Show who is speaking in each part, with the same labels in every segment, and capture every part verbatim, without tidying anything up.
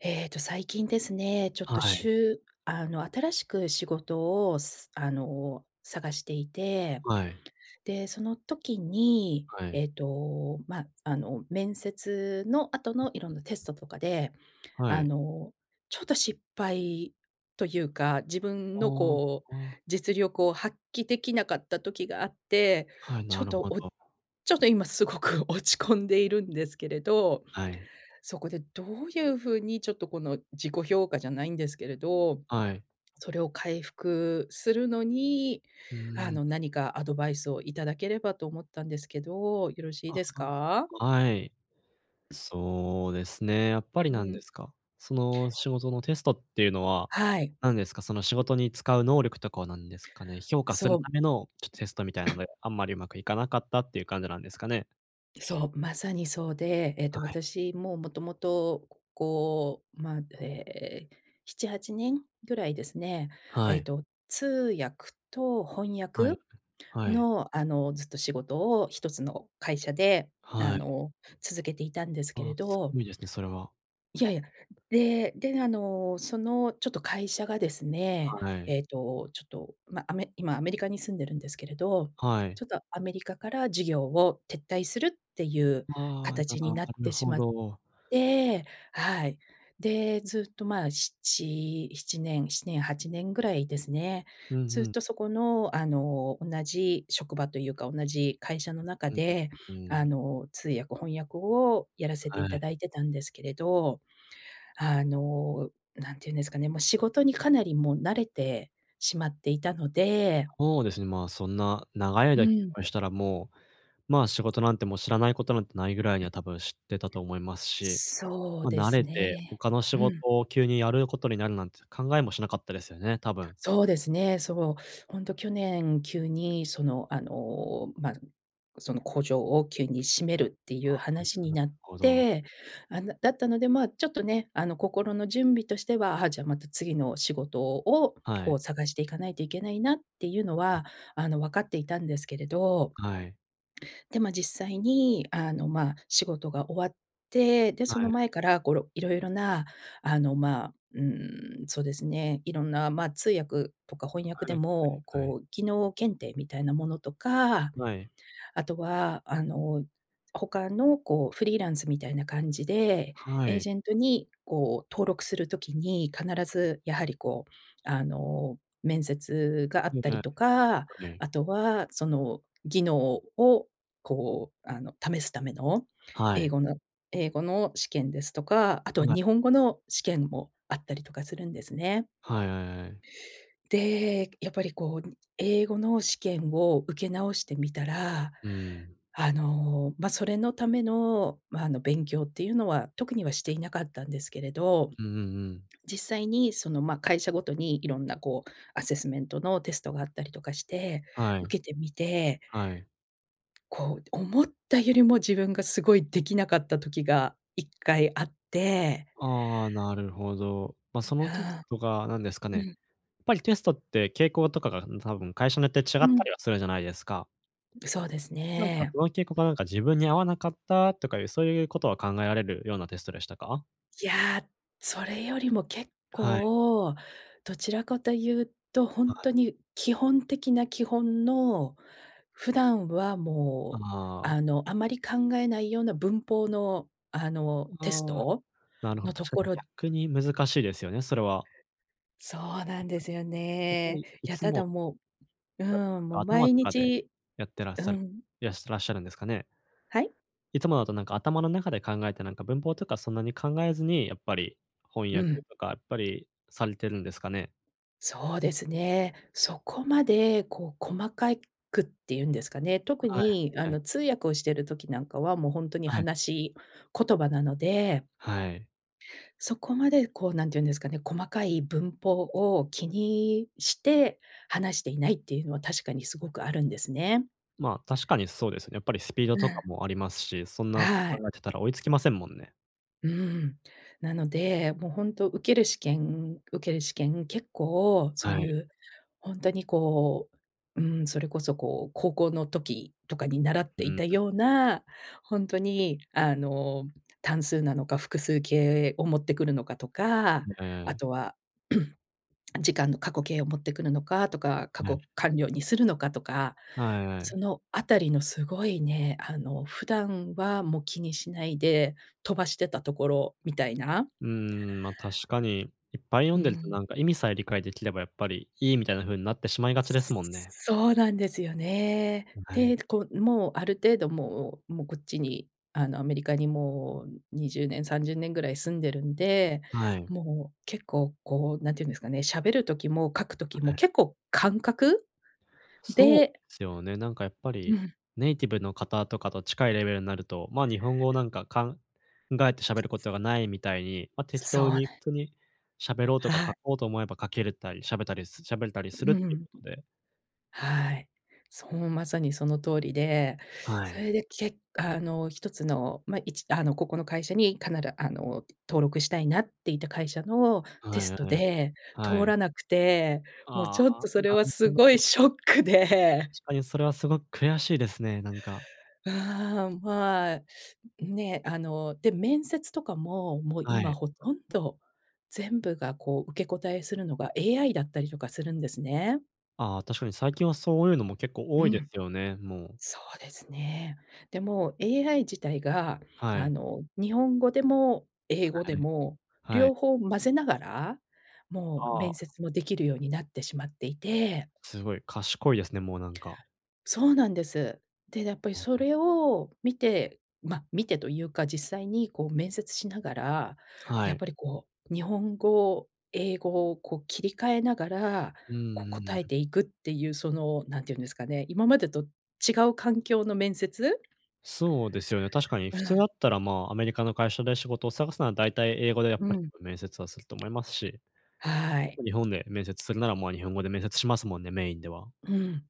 Speaker 1: ええと、最近ですね、ちょっ
Speaker 2: は
Speaker 1: と、
Speaker 2: は
Speaker 1: し
Speaker 2: い。
Speaker 1: ゅうあの、新しく仕事を、すあの、探していて、
Speaker 2: はい。
Speaker 1: で、その時に、
Speaker 2: はい。
Speaker 1: えっと、ま、あの、面接の後
Speaker 2: う
Speaker 1: のいろんなテ
Speaker 2: うんう
Speaker 1: ス
Speaker 2: ん。
Speaker 1: トとかで、
Speaker 2: は
Speaker 1: あ
Speaker 2: い。
Speaker 1: の、ちょっと失敗というか、自分
Speaker 2: あ
Speaker 1: の
Speaker 2: あ
Speaker 1: こう、
Speaker 2: ああ、ああ。
Speaker 1: 実力を発揮できなかった時があって、
Speaker 2: はい、
Speaker 1: ちょ
Speaker 2: な
Speaker 1: っ
Speaker 2: る
Speaker 1: と、
Speaker 2: ほ
Speaker 1: おち
Speaker 2: ど。
Speaker 1: ょっと今すごく落ち込んでいるんですけれど。
Speaker 2: はい。
Speaker 1: そこでどういうふうに、ちょっとこの自己評価じゃないんですけれど、
Speaker 2: はい。
Speaker 1: それを回復するのに、
Speaker 2: う
Speaker 1: あ
Speaker 2: ー
Speaker 1: の、
Speaker 2: ん。
Speaker 1: なにかアドバイスをいただければと思ったんですけど、よろしい
Speaker 2: あ、
Speaker 1: です
Speaker 2: は、
Speaker 1: か？
Speaker 2: はい。そうですね、やっぱり、
Speaker 1: う
Speaker 2: なんで
Speaker 1: ん。
Speaker 2: すか、その仕事のテストっていうのは、
Speaker 1: はい。
Speaker 2: なんですか、その仕事に使う能力とかを、なんですかね、評価す
Speaker 1: そ
Speaker 2: る
Speaker 1: う。
Speaker 2: ための、ちょテストみたいなの で、あんまりうまくいかなかったっていう感じなんですかね？
Speaker 1: そう。まさにそうで、えっ
Speaker 2: あ、
Speaker 1: と、
Speaker 2: はい。
Speaker 1: 私もう、もともと、こう、まあ、ええ、しちはちねんぐらいですね、
Speaker 2: は
Speaker 1: えっ
Speaker 2: い。
Speaker 1: と通訳と翻
Speaker 2: はい。
Speaker 1: 訳
Speaker 2: はい。
Speaker 1: の、あの、ずっと仕事を、ひとつの会社で、あ
Speaker 2: はい。
Speaker 1: の、続けていたんですけれ
Speaker 2: あ、す
Speaker 1: ど
Speaker 2: ごいですね。それは。
Speaker 1: いやいや、でで、あの、その、ちょっと会社がですね、
Speaker 2: はい。
Speaker 1: えっと、ちょっと、ま、アメ今アメリカに住んでるんですけれど、
Speaker 2: はい。
Speaker 1: ちょっとアメリカから事業を撤退するっていうか
Speaker 2: ああ、
Speaker 1: たちになっ
Speaker 2: なる
Speaker 1: てし
Speaker 2: ほ
Speaker 1: まっ
Speaker 2: ど。
Speaker 1: て、はい。で、ずっとまあ、しちしちねんしちねん、はちねんぐらいですね、
Speaker 2: うんう
Speaker 1: ずっ
Speaker 2: ん。
Speaker 1: とそこの、あの、同じ職場というか、同じ会社の中
Speaker 2: う、んん。
Speaker 1: で、
Speaker 2: うー
Speaker 1: あ
Speaker 2: ん。
Speaker 1: の、通訳、翻訳をやらせて
Speaker 2: は
Speaker 1: いた
Speaker 2: い。
Speaker 1: だいてたんですけれど、あの、なんていうんですかね、もう仕事にかなりもう慣れてしまっていたので
Speaker 2: ほうですね、まあ、そんな長い
Speaker 1: う
Speaker 2: 間き
Speaker 1: ん。
Speaker 2: むしたら、もう、まあ、仕事なんてもう知らないことなんてないぐらいには、多分知ってたと思いますし、
Speaker 1: そう
Speaker 2: ま、
Speaker 1: で
Speaker 2: 慣
Speaker 1: す
Speaker 2: れて
Speaker 1: ね。
Speaker 2: 他の仕
Speaker 1: う
Speaker 2: 事
Speaker 1: ん。
Speaker 2: を急にやることになるなんて考えもしなかったですよね、多分。
Speaker 1: そうですね。そう、ほんと去年、急に、その、あの、ま、ん、その工場を急に閉めるっていう
Speaker 2: あ、なる
Speaker 1: 話
Speaker 2: か
Speaker 1: に
Speaker 2: な
Speaker 1: なっ
Speaker 2: ほど。
Speaker 1: て、あ、なだったので、まあ、ちょっとね、あの、心の準備としては、あ、じゃ、また次の仕事を
Speaker 2: は
Speaker 1: こ
Speaker 2: い。
Speaker 1: う探していかないといけないなっていうの
Speaker 2: はい。
Speaker 1: は、あの、わかっていたんですけれど
Speaker 2: はい。
Speaker 1: で、ま、実際に、あの、まあ、仕事が終わって、で、そ
Speaker 2: はい、
Speaker 1: の
Speaker 2: あ。
Speaker 1: 前から、ごろいろいろな、あの、まあ、うーん、そうですね。いろんな、まあ、通訳とか翻
Speaker 2: は
Speaker 1: 訳で
Speaker 2: い
Speaker 1: も、
Speaker 2: はいはい。
Speaker 1: こう技能検定みたいなものとか、
Speaker 2: はい。
Speaker 1: あとは、あの、他のこうフリーランスみたいな感じで、
Speaker 2: は
Speaker 1: エー
Speaker 2: い。
Speaker 1: ジェントに、こう、登録する時に、必
Speaker 2: はい。
Speaker 1: ずやはり、こう、あの、面接があ
Speaker 2: う
Speaker 1: っ
Speaker 2: ん、
Speaker 1: た
Speaker 2: で
Speaker 1: り
Speaker 2: は
Speaker 1: とか、
Speaker 2: はい。
Speaker 1: あとは、その技能を、こう、あの、試すための
Speaker 2: は
Speaker 1: 英
Speaker 2: い。
Speaker 1: 語の英語の試験ですとか、あと
Speaker 2: はい。
Speaker 1: 日本語の試験もあったりとかするんですね。
Speaker 2: はいはいはい。
Speaker 1: で、やっぱりこう、ん、英語の試験を受け直してみたら、
Speaker 2: うーん。
Speaker 1: あの、ま、それのための、ま、あの、勉強っていうのは特にはしていなかったんですけれど、
Speaker 2: うんうんうん。
Speaker 1: 実際に、その、まあ、会社ごとにいろんなこう、アセスメントのテストがあったりとかして、
Speaker 2: はい。
Speaker 1: 受けてみて
Speaker 2: はい。
Speaker 1: こう、思ったよりも自分がすごいできなかった時がいっかいあって。
Speaker 2: ああああ、なるほど。ま、そのテス
Speaker 1: はあ。
Speaker 2: トが、なんですかね、
Speaker 1: う
Speaker 2: や
Speaker 1: ん。
Speaker 2: っぱりテストって傾向とかが、うん、多分会社によって違っ
Speaker 1: う
Speaker 2: た
Speaker 1: ん。
Speaker 2: りは、するじゃないですか。
Speaker 1: ん、そうです
Speaker 2: なんか、
Speaker 1: ね。
Speaker 2: その傾向がなんか自分に合わなかったとかいう、そういうことは考えられるようなテストでしたか？
Speaker 1: いや、それよりも結
Speaker 2: はい。
Speaker 1: 構、どちらかとゆうと、ほ
Speaker 2: は
Speaker 1: んと
Speaker 2: い。
Speaker 1: に基本的な基本の、普段は
Speaker 2: あ、
Speaker 1: もう、
Speaker 2: ああ。
Speaker 1: あの、あまり考えないような文法の、あの、テス
Speaker 2: ああ、
Speaker 1: ト
Speaker 2: なるほど、
Speaker 1: のと
Speaker 2: 確か
Speaker 1: こ
Speaker 2: に
Speaker 1: ろ
Speaker 2: 逆に難しいですよね、それは。
Speaker 1: そうな
Speaker 2: い
Speaker 1: ん
Speaker 2: か
Speaker 1: ですよ
Speaker 2: やっぱ
Speaker 1: ね。
Speaker 2: りい
Speaker 1: いや、
Speaker 2: つ
Speaker 1: ただ
Speaker 2: も
Speaker 1: もう
Speaker 2: だ、と
Speaker 1: うん、
Speaker 2: か、
Speaker 1: も、
Speaker 2: 頭
Speaker 1: 毎
Speaker 2: とかで
Speaker 1: 日
Speaker 2: やってらっ
Speaker 1: う
Speaker 2: しゃる、
Speaker 1: ん。
Speaker 2: いらしてらっしゃるんですかね？
Speaker 1: はい？
Speaker 2: いつもだとなんか頭の中で考えて、なんか文法とかそんなに考えずに、やっぱり翻
Speaker 1: う
Speaker 2: 訳
Speaker 1: ん。
Speaker 2: とかやっぱりされてるんですかね？
Speaker 1: そうですね。そこまで、こう細かいくってゆんですかね。特
Speaker 2: はい、は
Speaker 1: に、
Speaker 2: い
Speaker 1: あ
Speaker 2: はい。
Speaker 1: の、通訳をしてる時なんかは、も、ほんとに
Speaker 2: はい。
Speaker 1: 話し言葉なので
Speaker 2: はい。
Speaker 1: そこまでこう、なんてゆんですかね、細かい文法を気にして話していないっていうのは、確かにすごくあるんですね。
Speaker 2: ま、確かにそうですね。やっぱりスピード
Speaker 1: う
Speaker 2: とか
Speaker 1: ん。
Speaker 2: もありますし、そんな [unintelligible]
Speaker 1: はい。
Speaker 2: 考えてたら追いつきませんもんね。
Speaker 1: うーん。なので、も、ほんと、受ける試験、受ける試験、結構そう
Speaker 2: は
Speaker 1: ゆ
Speaker 2: い。
Speaker 1: う、ほんとにこう、うーん、それこそこう、高校の時とかに習っ
Speaker 2: う
Speaker 1: てい
Speaker 2: う
Speaker 1: たよう
Speaker 2: [unintelligible]
Speaker 1: な、ほんとにあの、単数なのか、複数形を持ってくるのかとか、
Speaker 2: ん、え
Speaker 1: あ
Speaker 2: え。
Speaker 1: とは、時間の、過去形を持ってくるのかとか、過
Speaker 2: なる
Speaker 1: 去完了にするのかとか、
Speaker 2: はいはい。
Speaker 1: そのあたりのすごいね、あの、普段は、も、気にしないで飛ばしてたところみたいな
Speaker 2: うーん、ま、確かに、いっぱい読
Speaker 1: う
Speaker 2: んでると
Speaker 1: ん。
Speaker 2: なんか意味さえ理解できればやっぱりいいみたいな風に、なってしまいがちですもんね。
Speaker 1: そうなんですよね。
Speaker 2: ん、はい。
Speaker 1: で、こう、もう、ある程度もう、も、こっちに、あの、アメリカにもう、ん、にじゅうねんさんじゅうねんぐらい住んでるんで、
Speaker 2: はい。
Speaker 1: もう結構こう、なんてゆんですかね、しゃべる時も書く時
Speaker 2: は、
Speaker 1: も
Speaker 2: へ。
Speaker 1: 結構感覚
Speaker 2: そう
Speaker 1: で
Speaker 2: すよね。なんかやっぱ
Speaker 1: う
Speaker 2: り、
Speaker 1: ん。
Speaker 2: ネイティブの方とかと近いレベルになると、ま、日本語をなんか考えてしゃべることがないみたいに、ま、適
Speaker 1: そう
Speaker 2: 当
Speaker 1: なん
Speaker 2: に普通にしゃべろうと
Speaker 1: は
Speaker 2: か、書
Speaker 1: い。
Speaker 2: こうと思えば書けるたり、しゃべたり、す喋れたり
Speaker 1: う
Speaker 2: するっ
Speaker 1: う
Speaker 2: ていう
Speaker 1: ん。
Speaker 2: ことで
Speaker 1: はい。そう、まさにその通りで、
Speaker 2: は
Speaker 1: そ
Speaker 2: い。
Speaker 1: れでけあの、ひとつの、ま、いちあの、ここの会社にかならあの、登録したいなっていた会社のテ
Speaker 2: はい
Speaker 1: スト
Speaker 2: はい。
Speaker 1: で
Speaker 2: は
Speaker 1: 通
Speaker 2: い。
Speaker 1: らなくて、もう
Speaker 2: ああ、
Speaker 1: ちょっ
Speaker 2: あ、
Speaker 1: とそれ
Speaker 2: な
Speaker 1: はす
Speaker 2: る
Speaker 1: ご
Speaker 2: ほ
Speaker 1: い
Speaker 2: ど。
Speaker 1: ショックで。
Speaker 2: しかに、それはすごく悔しいですね、なんか。
Speaker 1: う、はあ、まあ、ね。あの、で、面接とかも、もう
Speaker 2: は
Speaker 1: 今
Speaker 2: い。
Speaker 1: ほとんど全部が、こう、受け答えするのが、AI だったりとかするんですね。
Speaker 2: ああ、確かに最近はそういうのも結構多
Speaker 1: う
Speaker 2: いで
Speaker 1: ん。
Speaker 2: すよね、もう。
Speaker 1: そうですね。で、もう、AI 自体が、
Speaker 2: は
Speaker 1: あ
Speaker 2: い。
Speaker 1: の、日本語でも英
Speaker 2: は
Speaker 1: 語
Speaker 2: は
Speaker 1: で
Speaker 2: い。
Speaker 1: も、
Speaker 2: は
Speaker 1: 両
Speaker 2: い。
Speaker 1: 方混ぜながら、もう
Speaker 2: は
Speaker 1: 面
Speaker 2: あ。
Speaker 1: 接もできるようになってしまっていて
Speaker 2: すごい賢いですね、もうなんか。
Speaker 1: そうなんです。で、やっぱり
Speaker 2: うん
Speaker 1: そ
Speaker 2: うん。
Speaker 1: れを見て、まあ、見てというか、実際にこう面接しながら、
Speaker 2: は
Speaker 1: やっ
Speaker 2: い。
Speaker 1: ぱりこう、日本語、英語をこう切り替えながら、
Speaker 2: うんう
Speaker 1: こ
Speaker 2: ん、ん
Speaker 1: 答え
Speaker 2: ん。
Speaker 1: ていくっていう、その、何て言うんですかね、今までと違う環境の面接
Speaker 2: そうですよね。確かに
Speaker 1: う
Speaker 2: 普通だ
Speaker 1: ん。
Speaker 2: ったら、まあ、アメリカの会社で仕事を探すのは、だいたい英語でやっ
Speaker 1: う
Speaker 2: ぱり、
Speaker 1: ん。
Speaker 2: こ、面接はすると思いますし、
Speaker 1: はい。
Speaker 2: 日本で面接するなら、まあ、日本語で面接しますもんね、メインでは。
Speaker 1: うん。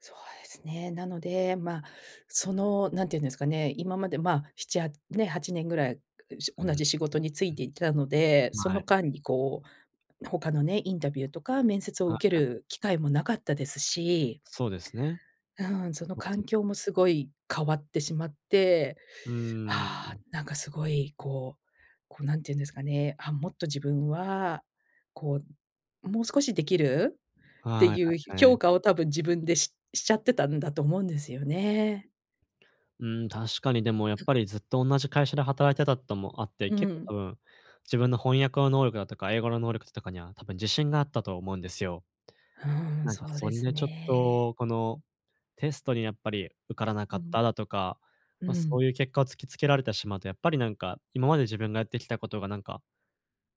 Speaker 1: そうですね。なので、まあ、その、何て言うんですかね、今まで、まあ、しちはね、はちねんぐらい、う、し
Speaker 2: うん、
Speaker 1: 同
Speaker 2: ん、う。
Speaker 1: じ仕事に就いていたので、
Speaker 2: ま、
Speaker 1: そ
Speaker 2: あ
Speaker 1: の
Speaker 2: い。
Speaker 1: 間にこう、他のね、インタビューとか面接を
Speaker 2: はい
Speaker 1: 受け
Speaker 2: はい。
Speaker 1: る機会もなかったですし
Speaker 2: そうですね。
Speaker 1: うん、その
Speaker 2: まあ、
Speaker 1: 環
Speaker 2: ず。
Speaker 1: 境もすごい変わってしまって、
Speaker 2: うー
Speaker 1: ああ、
Speaker 2: ん。
Speaker 1: なんかすごい、こうこう、何て言うんですかね。あ、もっと自分は、こう、もう少しできるって
Speaker 2: はい、
Speaker 1: いう、ひ
Speaker 2: はいは
Speaker 1: ょ評
Speaker 2: い。
Speaker 1: 価をたぶん自分で、ししちゃってたんだと思うんですよね。
Speaker 2: うーん、確かにでもやっぱりずっとおんなじ会社で働いてたともあって、
Speaker 1: う
Speaker 2: 結構
Speaker 1: ん。
Speaker 2: 多分自分の翻訳の能力だとか、英語の能力ととかには多分自信があったと思うんですよ。
Speaker 1: うーん、
Speaker 2: なんか
Speaker 1: そう
Speaker 2: そ
Speaker 1: で
Speaker 2: ん
Speaker 1: す
Speaker 2: でちょっ
Speaker 1: ね。
Speaker 2: と、この、テストにやっぱり受からなか
Speaker 1: う
Speaker 2: っ
Speaker 1: ん。
Speaker 2: ただとか、
Speaker 1: う
Speaker 2: ま、そうい
Speaker 1: ん。
Speaker 2: う結果を突きつけられてしまうと、やっぱりなんか今まで自分がやってきたことがなんか、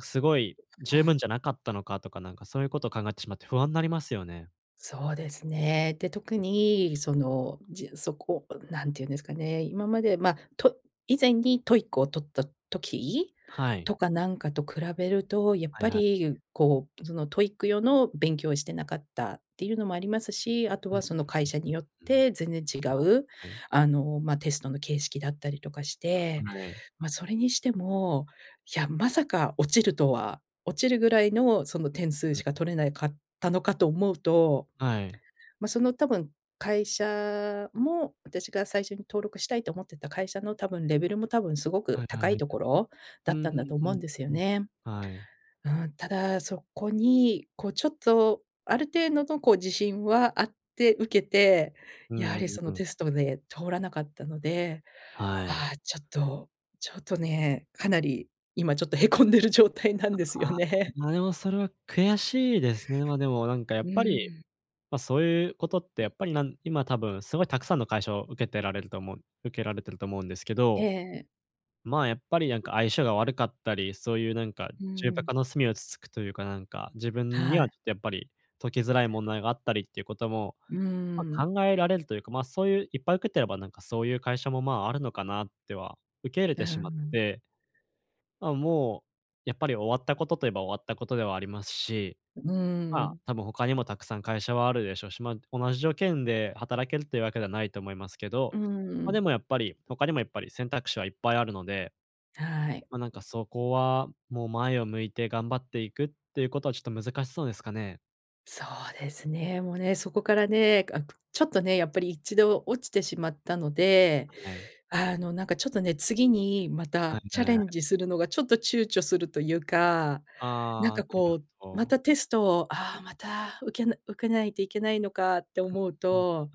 Speaker 2: すごい、
Speaker 1: う
Speaker 2: 十
Speaker 1: ん。
Speaker 2: 分じゃなかったのかとか、なんかそういうことを考えてしまって不安なりますよね。
Speaker 1: そうですね。で、特
Speaker 2: ん。
Speaker 1: にその、じそこ、うん、何て言うんですかね、今まで、ま、と以前に TOEIC を取った時
Speaker 2: はい。
Speaker 1: とかなんかと比べると、やっ
Speaker 2: はい
Speaker 1: ぱ
Speaker 2: はい。
Speaker 1: り、こう、その TOEIC 用の勉強をしてなかったっていうのもありますし、あと
Speaker 2: うん、う
Speaker 1: は、その会社によっ
Speaker 2: うんうんうん。
Speaker 1: て全然違う、
Speaker 2: はいはい。
Speaker 1: あの、ま、テストの形式だったりとかし
Speaker 2: は
Speaker 1: て、
Speaker 2: はい。
Speaker 1: ま、それにしても、いや、まさか落ちるとは、落ちるぐらいの、その、点数
Speaker 2: う
Speaker 1: しか
Speaker 2: ん。
Speaker 1: 取れないかったのかと思うと、
Speaker 2: はい。
Speaker 1: ま、その、多分、会社も、私が最初に登録したいと思ってた会社の、多分、レベルも多分すごく
Speaker 2: はいはいは
Speaker 1: 高
Speaker 2: い
Speaker 1: い
Speaker 2: はい。
Speaker 1: ところだ
Speaker 2: う
Speaker 1: ったんだ
Speaker 2: ん、
Speaker 1: と
Speaker 2: ふん、
Speaker 1: 思
Speaker 2: う
Speaker 1: うん
Speaker 2: ん
Speaker 1: ですよ
Speaker 2: うん、
Speaker 1: ね。
Speaker 2: はい。
Speaker 1: うん、ただ、そこに、こう、ちょっと、ある程度の、こう、自信はあって、受けて、
Speaker 2: う
Speaker 1: やは
Speaker 2: んう
Speaker 1: り
Speaker 2: ん
Speaker 1: そ
Speaker 2: う
Speaker 1: の
Speaker 2: ん。
Speaker 1: テストで通らなかったので、
Speaker 2: はい。
Speaker 1: ああ、ちょっとちょっとね、かなり今ちょっとへこんでる状態なんです
Speaker 2: あ
Speaker 1: よ
Speaker 2: あ、
Speaker 1: ね。
Speaker 2: ま、でもそれは悔しいですね。ま、でもなんかや
Speaker 1: う
Speaker 2: っ
Speaker 1: ー
Speaker 2: ぱり、
Speaker 1: ん。
Speaker 2: ま、そういうことってやっぱり、なん今、多分、すごいたくさんの会社を受けてられると思う受けられてると思うんですけ
Speaker 1: ええ
Speaker 2: ど、
Speaker 1: ええ。
Speaker 2: まあ、やっぱりなんか相性が悪かったり、そういうなんか、
Speaker 1: うん
Speaker 2: 重
Speaker 1: う
Speaker 2: 箱
Speaker 1: ん。
Speaker 2: の隅をつつくというか、なんか、自分
Speaker 1: は
Speaker 2: には
Speaker 1: い。
Speaker 2: ちょっとやっぱり、解きづらい問題があったりっていうことも、
Speaker 1: うー
Speaker 2: ま、
Speaker 1: ん。
Speaker 2: 考えられるというか、ま、そういう、いっぱい受けてればなんかそういう会社も、まあ、あるのかなっては、受け入れ
Speaker 1: う
Speaker 2: て
Speaker 1: ん
Speaker 2: しまっ
Speaker 1: うん。
Speaker 2: て、まあ、もうやっぱり終わったことといえば終わったことではありますし、
Speaker 1: ううーん、う
Speaker 2: まあ、
Speaker 1: ん。
Speaker 2: 多分他にもたくさん会社はあるでしょうし、ま、同じ条件で働けるというわけではないと思いますけど、
Speaker 1: うんう
Speaker 2: ま、で
Speaker 1: ん。
Speaker 2: もやっぱり、他にもやっぱり選択肢はいっぱいあるので
Speaker 1: はい。
Speaker 2: ま、なんかそこは、もう前を向いて頑張っていくっていうことは、ちょっと難しそうですかね？
Speaker 1: そうですね、もうね、そこからね、あくちょっとね、やっぱり、一度落ちてしまったので、
Speaker 2: はい。
Speaker 1: あの、なんか、ちょっとね、次にま
Speaker 2: は
Speaker 1: た
Speaker 2: い
Speaker 1: チャ
Speaker 2: は
Speaker 1: レ
Speaker 2: い。
Speaker 1: ンジするのがちょっと躊躇するというか、なん
Speaker 2: ああ、
Speaker 1: か、
Speaker 2: なる
Speaker 1: こう、
Speaker 2: ほ
Speaker 1: ま
Speaker 2: ど。
Speaker 1: たテストを、あ、また受けな受けないといけないのかって思う
Speaker 2: うん、うん。
Speaker 1: と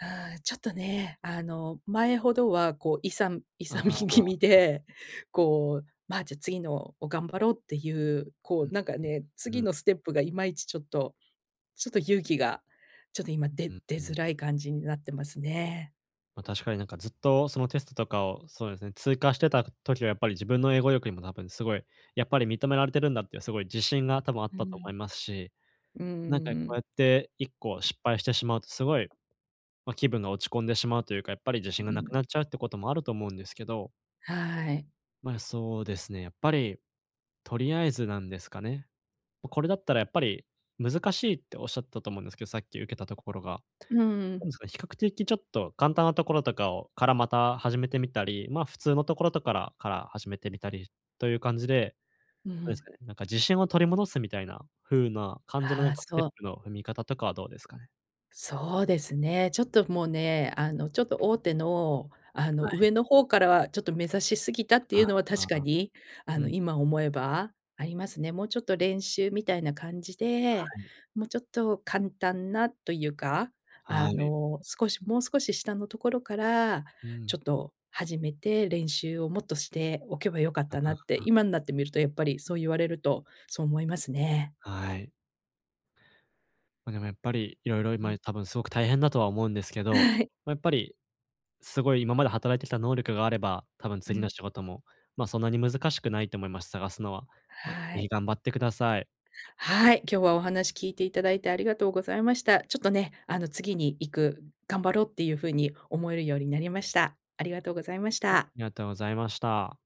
Speaker 1: うーん、ちょっとね、あの、前ほどは、こう、勇む
Speaker 2: あ
Speaker 1: 勇
Speaker 2: あ
Speaker 1: み
Speaker 2: ああ、
Speaker 1: 気味
Speaker 2: あ。
Speaker 1: で、こう、ま、じゃ、次のを頑張ろうっていう、
Speaker 2: う
Speaker 1: こ
Speaker 2: ん、
Speaker 1: う、
Speaker 2: う
Speaker 1: なんかね、
Speaker 2: うん、う
Speaker 1: 次
Speaker 2: うん。
Speaker 1: のステップがいまいちちょっとちょっと勇気が、ちょっと今、
Speaker 2: う
Speaker 1: で
Speaker 2: ん
Speaker 1: 出
Speaker 2: うんう
Speaker 1: づら
Speaker 2: ん。
Speaker 1: い感じになってますね。
Speaker 2: ま、確かに、なんか、ずっとそのテストとかを、そうですね、通過してた時はやっぱり自分の英語力にも多分すごい、やっぱり認められているんだっていう、すごい自信が多分あっ
Speaker 1: う
Speaker 2: たと思い
Speaker 1: ん。
Speaker 2: ますし、
Speaker 1: うー
Speaker 2: なんか、こう
Speaker 1: ん。
Speaker 2: やっていっこ失敗してしまうと、すごい、ま、気分が落ち込んでしまうというか、やっぱり自信が
Speaker 1: う
Speaker 2: なく
Speaker 1: ん。
Speaker 2: なっちゃうってこともあると思うんですけど。
Speaker 1: はい。
Speaker 2: まあ、そうですね。やっぱりとりあえず、なんですかね、ま、これだったらやっぱり難しいっておっしゃったと思うんですけど、さっき、受けたところが。
Speaker 1: うー
Speaker 2: な
Speaker 1: ん。
Speaker 2: んですか、比較的ちょっと簡単なところとかをからまた始めてみたり、ま、普通のところとからから始めてみたりという感じで、
Speaker 1: う
Speaker 2: どうです
Speaker 1: ん。
Speaker 2: かね、なんか、自信を取り戻すみたいな風な感じのな
Speaker 1: あ
Speaker 2: ん
Speaker 1: あ、
Speaker 2: かステッ
Speaker 1: そう。
Speaker 2: プの踏み方とかはどうですかね？
Speaker 1: そうですね、ちょっともうね、あの、ちょっと大手の、あの、
Speaker 2: はい。
Speaker 1: 上の方からはちょっと目指しすぎたって
Speaker 2: あ
Speaker 1: いうのは確
Speaker 2: あ
Speaker 1: か
Speaker 2: あ、
Speaker 1: に、あ
Speaker 2: う
Speaker 1: の、
Speaker 2: ん。
Speaker 1: 今思えばありますね。もうちょっと練習みたいな感じ
Speaker 2: は
Speaker 1: で、
Speaker 2: い。
Speaker 1: もうちょっと簡単なというか、
Speaker 2: は
Speaker 1: あ
Speaker 2: い。
Speaker 1: の、少しもう少し下のところから、
Speaker 2: う
Speaker 1: ち
Speaker 2: ん。
Speaker 1: ょっと始めて練習をもっとしておけば良かっ
Speaker 2: あ
Speaker 1: たなって、
Speaker 2: あ。
Speaker 1: 今になってみると、やっぱりそう言われると、そう思いますね。
Speaker 2: はい。ま、でもやっぱり、色々、
Speaker 1: う
Speaker 2: 今
Speaker 1: ん。
Speaker 2: い多分すごく大変だとは思うんですけど、
Speaker 1: はい。
Speaker 2: ま、やっぱり、すごい今まで働いてきた能力があれば、多分
Speaker 1: う
Speaker 2: 次の
Speaker 1: ん。
Speaker 2: 仕事も、ま、そんなに難しくないと思います、探すのは。ま、ぜ
Speaker 1: は
Speaker 2: ひ
Speaker 1: い。
Speaker 2: 頑張ってください。
Speaker 1: はい、今日はお話聞いていただいて、ありがとうございました。ちょっとね、あの、次に行く、頑張ろうっていうふうに思えるようになりました。ありがとうございまし
Speaker 2: あ、あ
Speaker 1: た。
Speaker 2: りがとうございました。